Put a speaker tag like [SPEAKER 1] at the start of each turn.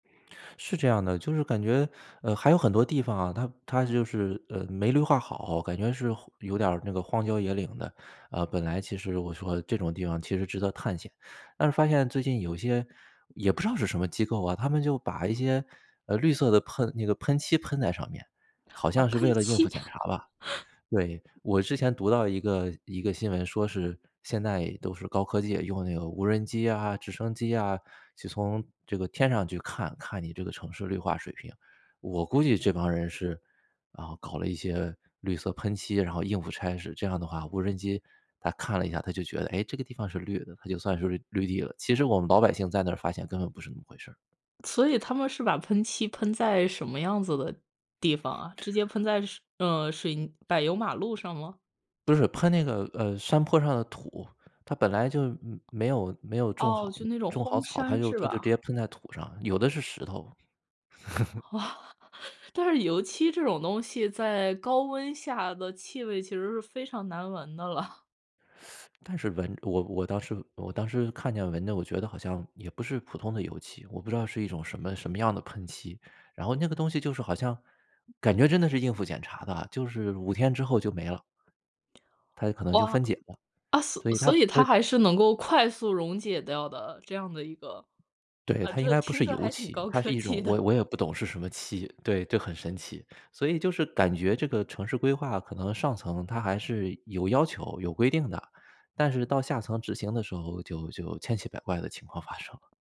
[SPEAKER 1] 是这样的，就是感觉，呃，还有很多地方啊，它它就是，呃，没绿化好，感觉是有点儿那个荒郊野岭的，啊，本来其实我说这种地方其实值得探险。但是发现最近有些也不知道是什么机构啊，他们就把一些，呃，绿色的喷那个喷漆喷在上面，好
[SPEAKER 2] 啊，
[SPEAKER 1] 像是
[SPEAKER 2] 喷
[SPEAKER 1] 为了应付
[SPEAKER 2] 漆。
[SPEAKER 1] 检查吧。对，我之前读到一个一个新闻，说是现在都是高科技，用那个无人机啊、直升机啊，就从这个天上去看，看你这个城市绿化水平。我估计这帮人是，啊，搞了一些绿色喷漆，然后应付差事，这样的话无人机它看了一下，它就觉得，诶，这个地方是绿的，它就算是绿绿地了，其实我们老百姓在那儿发现根本不是那么回事儿。
[SPEAKER 2] 所以他们是把喷漆喷在什么样子的地方啊，直接喷在水嗯，水柏油马路上吗？
[SPEAKER 1] 不是，喷那个，呃，山坡上的土，它本来就嗯，没有没有种
[SPEAKER 2] 哦，
[SPEAKER 1] 好
[SPEAKER 2] 就那种
[SPEAKER 1] 种好
[SPEAKER 2] 荒
[SPEAKER 1] 草，它
[SPEAKER 2] 山
[SPEAKER 1] 就
[SPEAKER 2] 是
[SPEAKER 1] 它就直
[SPEAKER 2] 吧？
[SPEAKER 1] 接喷在土上，有的是石头。
[SPEAKER 2] 哦，但是油漆这种东西在高温下的气味其实是非常难闻的了。
[SPEAKER 1] 但是闻我我当时我当时看见闻的，我觉得好像也不是普通的油漆，我不知道是一种什么什么样的喷漆，然后那个东西就是好像感觉真的是应付检查的啊，就是5天之后就没了。它可能就
[SPEAKER 2] 哦。
[SPEAKER 1] 分解了，
[SPEAKER 2] 啊，所
[SPEAKER 1] 所以它
[SPEAKER 2] 所以
[SPEAKER 1] 它
[SPEAKER 2] 它还是能够快速溶解掉的，这样的一个
[SPEAKER 1] 对，
[SPEAKER 2] 啊，
[SPEAKER 1] 它应
[SPEAKER 2] 这
[SPEAKER 1] 该不
[SPEAKER 2] 听
[SPEAKER 1] 是
[SPEAKER 2] 着
[SPEAKER 1] 油
[SPEAKER 2] 还挺
[SPEAKER 1] 漆，
[SPEAKER 2] 高
[SPEAKER 1] 它
[SPEAKER 2] 科
[SPEAKER 1] 是一
[SPEAKER 2] 技
[SPEAKER 1] 种，
[SPEAKER 2] 的。
[SPEAKER 1] 我我也不懂是什么漆，对，就很神奇。所以就是感觉这个城市规划可能上层它还是有要求、有规定的，但是到下层执行的时候就就千奇百怪的情况发生。